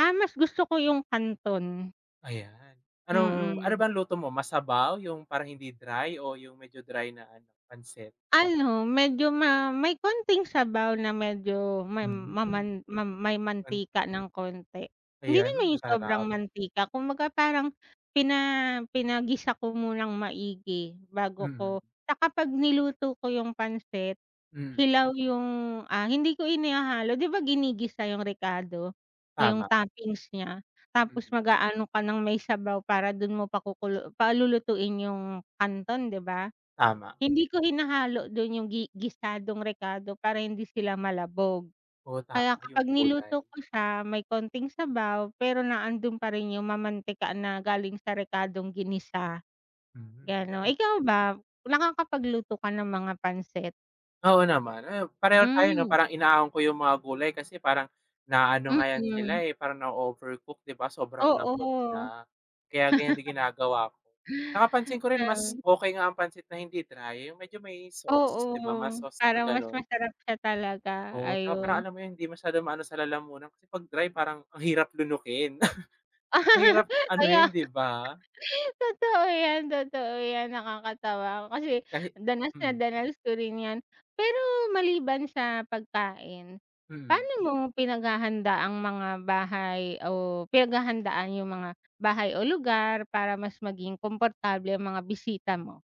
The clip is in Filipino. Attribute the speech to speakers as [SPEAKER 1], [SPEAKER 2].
[SPEAKER 1] Ah, mas gusto ko yung canton.
[SPEAKER 2] Ayan, anong ano
[SPEAKER 1] Mm.
[SPEAKER 2] bang luto mo masabaw, yung parang hindi dry o yung medyo dry na pancit?
[SPEAKER 1] Ano, medyo ma may konting sabaw na medyo ma
[SPEAKER 2] Hmm.
[SPEAKER 1] maman ma may mantika ng konti, hindi
[SPEAKER 2] Ayan,
[SPEAKER 1] naman yung sobrang
[SPEAKER 2] sarap.
[SPEAKER 1] mantika kumbaga parang pina pinagisa ko munang maigi bago
[SPEAKER 2] Mm.
[SPEAKER 1] ko 'tsaka pag niluto ko yung pansit,
[SPEAKER 2] Mm.
[SPEAKER 1] hilaw yung, ah, hindi ko inihahalo 'di ba ginigisa yung rekado? Yung
[SPEAKER 2] Tama.
[SPEAKER 1] toppings niya tapos
[SPEAKER 2] Mm.
[SPEAKER 1] mag-aano ka ng may sabaw para dun mo pakuku palulutuin yung kanton 'di ba?
[SPEAKER 2] Tama.
[SPEAKER 1] Hindi ko hinahalo dun yung gi gisadong rekado para hindi sila malabog.
[SPEAKER 2] Oo
[SPEAKER 1] Kaya
[SPEAKER 2] tama, yung
[SPEAKER 1] kapag
[SPEAKER 2] gulay.
[SPEAKER 1] niluto ko siya may konting sabaw pero naandun pa rin yung mamantikan na galing sa rekadong ginisa,
[SPEAKER 2] Mm,
[SPEAKER 1] gano'n.
[SPEAKER 2] 'yan.
[SPEAKER 1] Ikaw ba, nakakapagluto ka ng mga pancit?
[SPEAKER 2] Oo naman, ah, pareho tayo 'no,
[SPEAKER 1] Hmm.
[SPEAKER 2] parang inaaon ko yung mga gulay kasi parang naano nga 'yan sila,
[SPEAKER 1] Mm.
[SPEAKER 2] eh, parang nao-overcook, 'di ba? Sobrang lambot
[SPEAKER 1] Oo.
[SPEAKER 2] na, kaya ganyan din ginagawa ko. 'Tsaka pansin ko rin mas
[SPEAKER 1] Mm.
[SPEAKER 2] okey nga ang pancit na hindi dry, yung medyo may sauce
[SPEAKER 1] Oo,
[SPEAKER 2] 'di ba, mas sauce 'pag
[SPEAKER 1] parang mas
[SPEAKER 2] gano'n
[SPEAKER 1] masarap siya talaga,
[SPEAKER 2] oo 'tsaka parang
[SPEAKER 1] ayun.
[SPEAKER 2] alam mo yun hindi masyadong maano sa lalamunan kasi 'pag dry parang ang hirap lunukin. Ang hirap
[SPEAKER 1] Kaya nga.
[SPEAKER 2] anohin, 'di ba?
[SPEAKER 1] Totoo yan, totoo yan nakakatawa kasi
[SPEAKER 2] Kahit
[SPEAKER 1] danas na
[SPEAKER 2] hmm.
[SPEAKER 1] danas ko rin 'yan. Pero maliban sa pagkain,
[SPEAKER 2] Mm.
[SPEAKER 1] paano mo pinaghahanda ang mga bahay o pinaghahandaan yung mga bahay o lugar para mas maging komportable ang mga bisita mo?